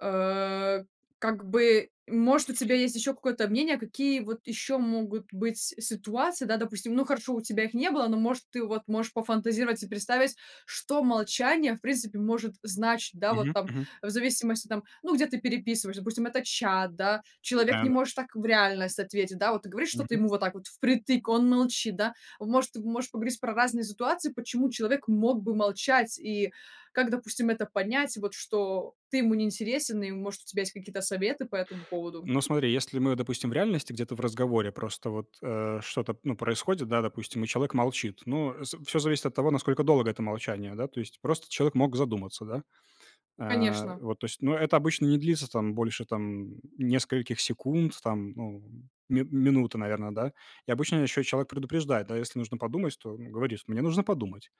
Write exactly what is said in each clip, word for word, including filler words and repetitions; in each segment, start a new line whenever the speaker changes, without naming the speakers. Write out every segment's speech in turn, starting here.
Э, как бы, может, у тебя есть еще какое-то мнение, какие вот еще могут быть ситуации, да? Допустим ну хорошо у тебя их не было но может ты вот можешь пофантазировать и представить. Что молчание, в принципе, может значить? Да, вот
Мгм
там,
мгм.
в зависимости, там, ну где ты переписываешься, допустим это чат, да, человек не
Да-да.
может так в реальность ответить, да, вот ты говоришь что ты
Мгм.
ему вот так вот впритык, он молчит, да, он может можешь поговорить про разные ситуации. Почему человек мог бы молчать и как, допустим, это понять, вот что ты ему не интересен и может у тебя есть какие-то советы по этому поводу?
Ну, смотри, если мы, допустим, в реальности где-то в разговоре просто вот, э, что-то ну происходит, да, допустим, и человек молчит. Ну, э, всё зависит от того, насколько долго это молчание, да. То есть, просто человек мог задуматься, да. Э,
Конечно.
вот то есть. Ну это обычно не длится там больше там, нескольких секунд там, ну ми минуты, наверное, да. И обычно еще человек предупреждает, да, если нужно подумать, то он говорит: мне нужно подумать.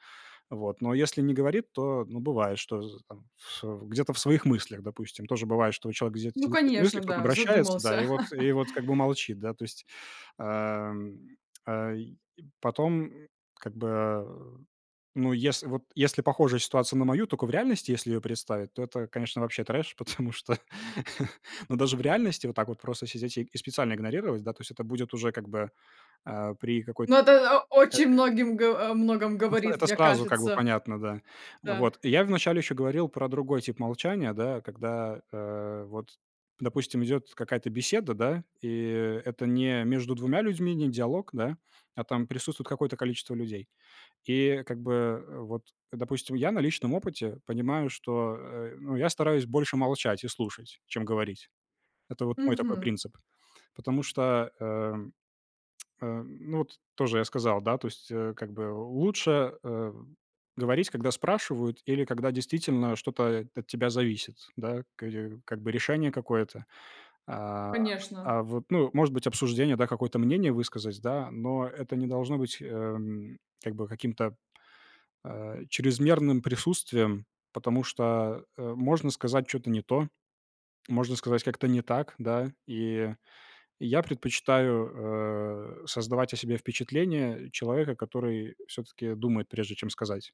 Вот, но если не говорит, то, ну, бывает, что з там в, э, где-то в своих мыслях, допустим, тоже бывает, что человек где-то
Ну
сидит в своих мыслях,
конечно,
кто-то
да,
обращается, да, и
задумался.
вот и вот как бы молчит, да, то есть, ам, э, и потом, как бы, ну, если вот если похожая ситуация на мою, только в реальности, если ее представить, то это, конечно, вообще трэш, потому что ну даже в реальности вот так вот просто сидеть и специально игнорировать, да, то есть это будет уже как бы, а, при какой-т
Но это о очень
[unintelligible]
многим го о многом
Как на с
говорит,
это
мне
сразу как бы
кажется.
понятно, да.
Да.
Вот. Я вначале ещё говорил про другой тип молчания, да, когда, а, вот, допустим, идёт какая-то беседа, да, и это не между двумя людьми, не диалог, да, а, там присутствует какое-то количество людей. И как бы, э, вот, допустим, я на личном опыте понимаю, что, э, ну, я стараюсь больше молчать и слушать, чем говорить. Это вот мой такой
Мгм.
принцип, потому что, эм, э, ну, вот тоже я сказал, да, то есть, а, как бы, лучше, э, говорить, когда спрашивают или когда действительно что-то от тебя зависит, да, ка дю как бы, решение какое-то, а,
Конечно.
а, вот, ну, может быть, обсуждение, да, какое-то мнение высказать, да, но это не должно быть, эм, как бы, каким-то, а, чрезмерным присутствием, потому что, э, можно сказать чё-то не то, можно сказать как-то не так, да. И я предпочитаю, э, создавать о себе впечатление человека, который всё-таки думает, прежде чем сказать.